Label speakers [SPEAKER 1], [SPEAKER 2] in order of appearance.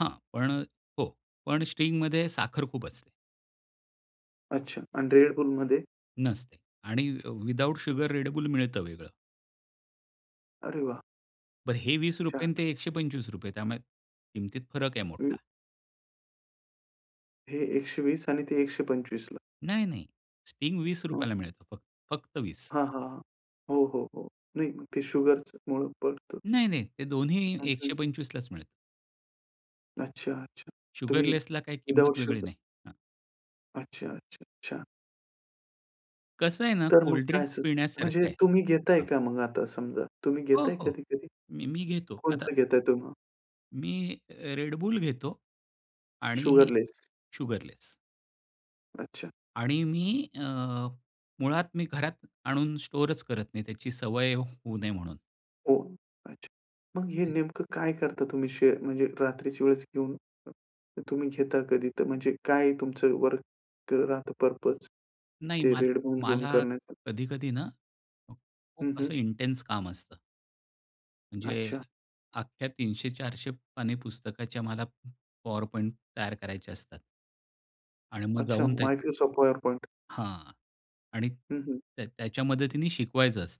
[SPEAKER 1] हां. पण हो. पण Stingमध्ये साखर खूप असते.
[SPEAKER 2] अच्छा. आणि Red Bullमध्ये?
[SPEAKER 1] नसते आणि अ, विदाऊट शुगर Red Bull मिळतं वेगळं.
[SPEAKER 2] अरे वाह!
[SPEAKER 1] बरं हे ₹20 आणि ते
[SPEAKER 2] छानच.
[SPEAKER 1] ₹125. त्यामुळे किमतीत फरक आहे मोठा.
[SPEAKER 2] हं. हे 120 आणि ते 125 ला.
[SPEAKER 1] नाही, नाही. Sting ₹20
[SPEAKER 2] हं.
[SPEAKER 1] ला मिळतं फक्त. फक्त 20.
[SPEAKER 2] हां, हां. हो, हो, हो. नाही, मग ते शुगरच्यामुळं पडतं.
[SPEAKER 1] नाही, नाही. ते दोन्ही
[SPEAKER 2] हं,
[SPEAKER 1] एकशे
[SPEAKER 2] हं.
[SPEAKER 1] पंचवीस लाच मिळतं.
[SPEAKER 2] अच्छा, अच्छा. तुम्ही
[SPEAKER 1] शुगरलेसला काही
[SPEAKER 2] विदाऊट
[SPEAKER 1] किंमत वेगळी
[SPEAKER 2] शुगर
[SPEAKER 1] नाही. हां.
[SPEAKER 2] अच्छा, अच्छा, अच्छा.
[SPEAKER 1] कसं आहे ना,
[SPEAKER 2] तर मग
[SPEAKER 1] कोल्ड
[SPEAKER 2] काय
[SPEAKER 1] ड्रिंक
[SPEAKER 2] असं
[SPEAKER 1] पिण्यासारखं
[SPEAKER 2] म्हणजे
[SPEAKER 1] आहे.
[SPEAKER 2] तुम्ही घेताय
[SPEAKER 1] हां.
[SPEAKER 2] का मग आता समजा तुम्ही
[SPEAKER 1] हो,
[SPEAKER 2] घेताय
[SPEAKER 1] हो.
[SPEAKER 2] कधी-कधी?
[SPEAKER 1] मी मी घेतो. आता
[SPEAKER 2] कोणतं घेताय तर मग?
[SPEAKER 1] मी अ, Red Bull घेतो आणि
[SPEAKER 2] शुगरलेस.
[SPEAKER 1] शुगरलेस.
[SPEAKER 2] अच्छा.
[SPEAKER 1] आणि मी अ, मुळात मी घरात आणून स्टोअरच करत नाही, त्याची सवय होऊ नये म्हणून.
[SPEAKER 2] हो, अच्छा. मग हे
[SPEAKER 1] [unintelligible]
[SPEAKER 2] नेमकं काय करता तुम्ही शेअर म्हणजे रात्रीच्या वेळेस घेऊन. तर तुम्ही घेता कधी तर म्हणजे काय तुमचं वर्क राहतं पर्पज
[SPEAKER 1] नाही
[SPEAKER 2] ते
[SPEAKER 1] माल
[SPEAKER 2] Red Bull घेऊन
[SPEAKER 1] मला
[SPEAKER 2] करण्याचं?
[SPEAKER 1] कधी-कधी ना, खूप
[SPEAKER 2] हं, हं.
[SPEAKER 1] असं इंटेन्स काम असतं. म्हणजे
[SPEAKER 2] अच्छा.
[SPEAKER 1] अख्ख्या 300-400 पानी पुस्तकाच्या मला PowerPoint तयार करायच्या असतात. आणि मग
[SPEAKER 2] अच्छा,
[SPEAKER 1] जाऊन त्याच
[SPEAKER 2] Microsoft PowerPoint.
[SPEAKER 1] हां. आणि
[SPEAKER 2] हं, हं.
[SPEAKER 1] त्या त्याच्या मदतीने शिकवायचं असतं.